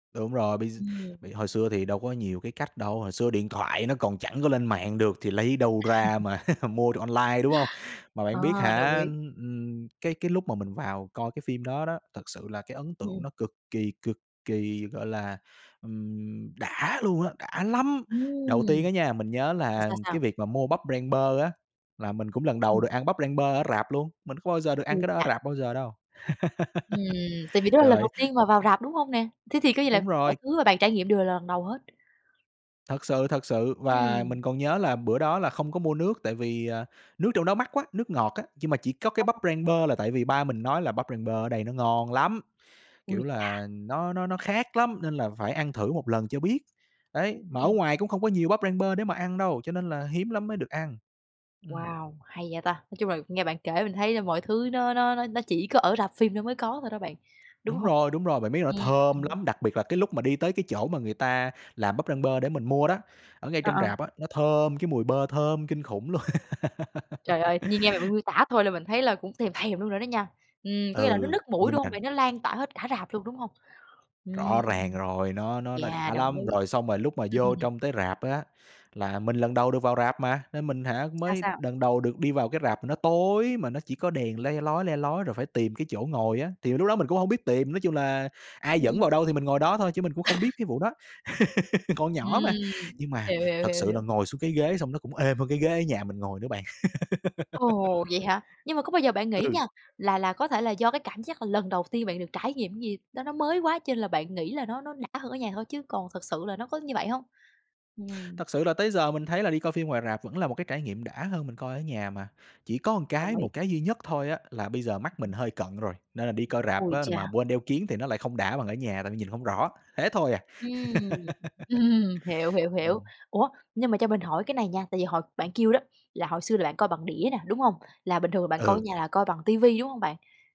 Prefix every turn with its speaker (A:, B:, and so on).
A: Đúng rồi, bây gi b
B: Ừm.
A: hồi xưa thì đâu có nhiều cái cách đâu, hồi xưa điện thoại nó còn chẳng có lên mạng được thì lấy đâu ra mà mua được online, đúng hông? Mà
B: Ờ,
A: bạn biết
B: đồng
A: hả,
B: ý.
A: ừm, cái cái lúc mà mình vào coi cái phim đó đó, thật sự là cái ấn
B: Ừ,
A: tượng
B: ừm.
A: nó cực kỳ, cực kỳ, gọi là, ừm, đã luôn á, đã lắm! Đầu tiên
B: Ừm.
A: á nha, mình nhớ
B: Sao,
A: là
B: sao,
A: cái
B: sao?
A: việc mà mua bắp rang bơ á, là mình cũng lần đầu
B: Ừm.
A: được ăn bắp rang bơ ở rạp luôn, mình có bao giờ được ăn
B: Ôi
A: cái đó ở
B: chà!
A: rạp bao giờ đâu.
B: Ừm. Tại vì đó là
A: Trời
B: lần đầu
A: ơi.
B: tiên mà vào rạp, đúng hông nè? Thế thì cái gì là
A: Đúng
B: mọi
A: rồi.
B: thứ mà bạn trải nghiệm đều là lần đầu hết.
A: Thật sự, thật sự, và
B: Ừm.
A: mình còn nhớ là bữa đó là không có mua nước, tại vì, ờ, nước trong đó mắc quá, nước ngọt á. Nhưng mà chỉ có cái bắp
B: [unintelligible]
A: rang bơ là tại vì ba mình nói là "Bắp rang bơ ở đây nó ngon lắm!"
B: Ôi
A: Kiểu
B: chà!
A: là, "nó nó nó khác lắm nên là phải ăn thử một lần cho biết." Đấy, mà ở
B: Ừm.
A: ngoài cũng không có nhiều bắp rang bơ để mà ăn đâu, cho nên là hiếm lắm mới được ăn. Ừm.
B: Wow, hay vậy ta! Nói chung là nghe bạn kể mình thấy mọi thứ nó nó nó nó chỉ có ở rạp phim nó mới có thôi đó bạn, đúng
A: Đúng
B: hông?
A: rồi, đúng rồi, bạn biết là nó thơm
B: Ừm.
A: lắm, đặc biệt là cái lúc mà đi tới cái chỗ mà người ta làm bắp rang bơ để mình mua đó, ở ngay
B: Ờ,
A: trong
B: ờ.
A: rạp á, nó thơm, cái mùi bơ thơm kinh khủng luôn!
B: Trời ơi, tự nhiên nghe bạn miêu miêu tả thôi là mình thấy là cũng thèm thèm luôn rồi đó nha. Ừm, có nghĩa là nó
A: Ừ,
B: nức mũi,
A: nhưng
B: đúng hông
A: mà
B: bạn? Nó lan toả hết cả rạp luôn, đúng hông? Ừm,
A: Rõ ràng rồi, nó nó nó đã
B: yeah, đồng
A: lắm!
B: ý.
A: Rồi xong rồi lúc mà vô trong tới rạp á, là mình lần đầu được vào rạp mà, nên mình hả,
B: Sao,
A: mới
B: sao?
A: đần đầu được đi vào cái rạp mà nó tối, mà nó chỉ có đèn le lói, le lói, rồi phải tìm cái chỗ ngồi á, thì lúc đó mình cũng hông biết tìm. Nói chung là ai
B: Ừm,
A: dẫn
B: ừm.
A: vào đâu thì mình ngồi đó thôi chứ mình cũng không biết cái vụ đó, còn nhỏ mà.
B: Ừm,
A: Nhưng mà
B: hiểu, hiểu,
A: thật
B: hiểu,
A: sự là
B: hiểu.
A: ngồi xuống cái ghế xong nó cũng êm hơn cái ghế ở nhà mình ngồi nữa bạn.
B: Ồ, vậy hả? Nhưng mà có bao giờ bạn nghĩ
A: Ừ.
B: nha, là là có thể là do cái cảm giác là lần đầu tiên bạn được trải nghiệm gì đó, nó mới quá cho lên là bạn nghĩ là nó nó đã hơn ở nhà thôi, chứ còn thực sự là nó có như vậy hông? Ừm.
A: Thật sự là tới giờ mình thấy là đi coi phim ngoài rạp vẫn là một cái trải nghiệm đã hơn mình coi ở nhà mà, chỉ có một
B: Đồng
A: cái
B: ý.
A: một cái duy nhất thôi á, là bây giờ mắt mình hơi cận rồi, nên là đi coi rạp
B: Ôi
A: á mà
B: chà.
A: quên đeo kiếng thì nó lại không đã bằng ở nhà tại vì nhìn hông rõ, thế thôi à.
B: Ừm. Hiểu, hiểu, hiểu.
A: Ừm.
B: Ủa, nhưng mà cho mình hỏi cái này nha, tại vì hồi bạn kêu đó, là hồi xưa là bạn coi bằng đĩa nè, đúng hông? Là bình thường là bạn coi ở
A: Ừ.
B: nhà là coi bằng ti vi, đúng hông bạn?